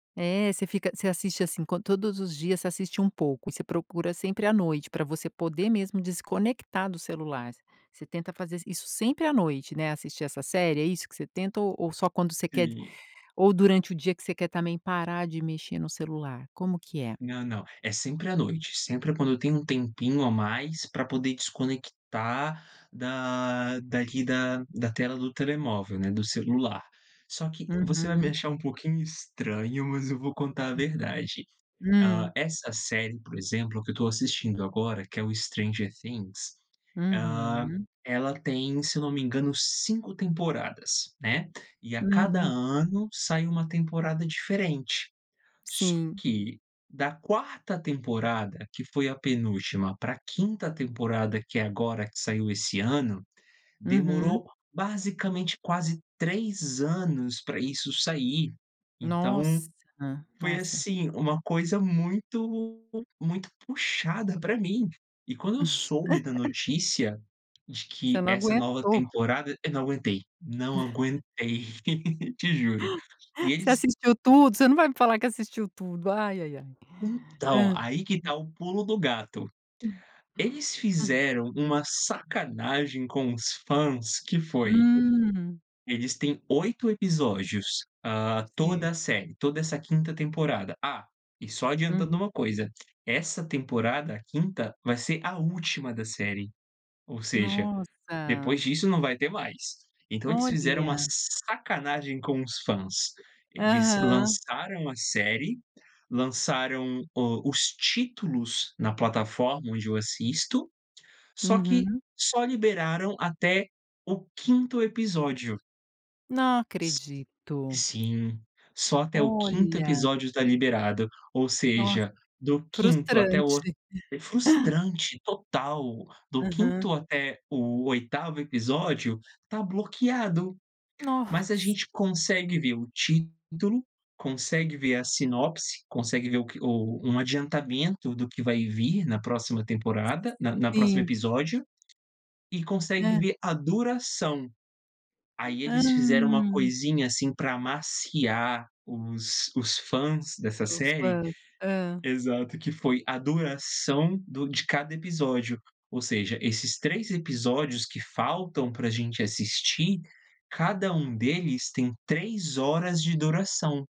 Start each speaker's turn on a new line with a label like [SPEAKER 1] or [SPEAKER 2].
[SPEAKER 1] É, você fica você assiste, assim, co todos os dias, você assiste um pouco, e você procura sempre à noite, pra você poder mesmo desconectar do celular. Você tenta fazer i isso sempre à noite, né, assistir essa série, é isso que você tenta? Ou ou só quando você quer d
[SPEAKER 2] Sim.
[SPEAKER 1] ou durante o dia, que você quer também parar de mexer no celular, como que é?
[SPEAKER 2] Não, não, é sempre à noite, sempre quando eu tenho um tempinho a mais, pra poder desconectar da daqui da da tela do telemóvel, né, do celular. Só que, você vai me
[SPEAKER 1] Uhum.
[SPEAKER 2] achar um pouquinho estranho, mas eu vou contar a verdade. Ah,
[SPEAKER 1] Hum.
[SPEAKER 2] essa série, por exemplo, que eu estou assistindo agora, que é o Stranger Things, ah,
[SPEAKER 1] Uhum.
[SPEAKER 2] ela tem, se eu não me engano, 5 temporadas, né, e a cada
[SPEAKER 1] Uhum.
[SPEAKER 2] ano, sai uma temporada diferente. Só
[SPEAKER 1] Sim.
[SPEAKER 2] que, da 4ª temporada, que foi a penúltima, pra 5ª temporada, que é agora, que saiu esse ano,
[SPEAKER 1] Uhum.
[SPEAKER 2] demorou basicamente quase 3 anos pra isso sair. Então,
[SPEAKER 1] Nossa.
[SPEAKER 2] foi
[SPEAKER 1] Nossa.
[SPEAKER 2] assim, uma coisa muito muito puxada pra mim. E quando eu soube da notícia, de
[SPEAKER 1] Você
[SPEAKER 2] que
[SPEAKER 1] não
[SPEAKER 2] essa nova
[SPEAKER 1] aguentou.
[SPEAKER 2] temporada eu não aguentei, não aguentei. Te juro. E
[SPEAKER 1] Você
[SPEAKER 2] eles
[SPEAKER 1] assistiu tudo você não vai me falar que assistiu tudo. Ai, ai, ai.
[SPEAKER 2] Então,
[SPEAKER 1] Hã.
[SPEAKER 2] aí que tá o pulo do gato. Eles fizeram uma sacanagem com os fãs, que foi:
[SPEAKER 1] Hum.
[SPEAKER 2] eles têm 8 episódios, ah,
[SPEAKER 1] Sim.
[SPEAKER 2] toda a série, toda essa 5ª temporada ah, e só adiantando
[SPEAKER 1] Uhum.
[SPEAKER 2] uma coisa, essa temporada, a 5ª, vai ser a última da série, ou seja, depois
[SPEAKER 1] Nossa.
[SPEAKER 2] disso, não vai ter mais. Então eles fizeram uma
[SPEAKER 1] Olha.
[SPEAKER 2] sacanagem com os fãs. Eles
[SPEAKER 1] Aham.
[SPEAKER 2] lançaram a série, lançaram o os títulos na plataforma onde eu assisto, só que
[SPEAKER 1] Uhum.
[SPEAKER 2] só liberaram até o 5º episódio.
[SPEAKER 1] Não
[SPEAKER 2] S
[SPEAKER 1] acredito.
[SPEAKER 2] sim, só até o 5º
[SPEAKER 1] Olha.
[SPEAKER 2] episódio tá liberado, ou
[SPEAKER 1] Nossa.
[SPEAKER 2] seja, do 5º até o
[SPEAKER 1] Frustrante.
[SPEAKER 2] é frustrante, total. Do
[SPEAKER 1] Aham.
[SPEAKER 2] 5º até o 8º episódio, tá bloqueado. Mas a
[SPEAKER 1] Nossa.
[SPEAKER 2] gente consegue ver o título, consegue ver a sinopse, consegue ver o que o um adiantamento do que vai vir na próxima temporada na na próxima
[SPEAKER 1] Sim.
[SPEAKER 2] episódio, e consegue
[SPEAKER 1] Hã.
[SPEAKER 2] ver a duração. Aí
[SPEAKER 1] Hã.
[SPEAKER 2] eles fizeram uma coisinha, assim, pra amaciar os os fãs dessa
[SPEAKER 1] Os
[SPEAKER 2] série
[SPEAKER 1] fãs. Hã.
[SPEAKER 2] exato, que foi a duração do de cada episódio, ou seja, esses 3 episódios que faltam pra gente assistir, cada um deles tem 3 horas de duração.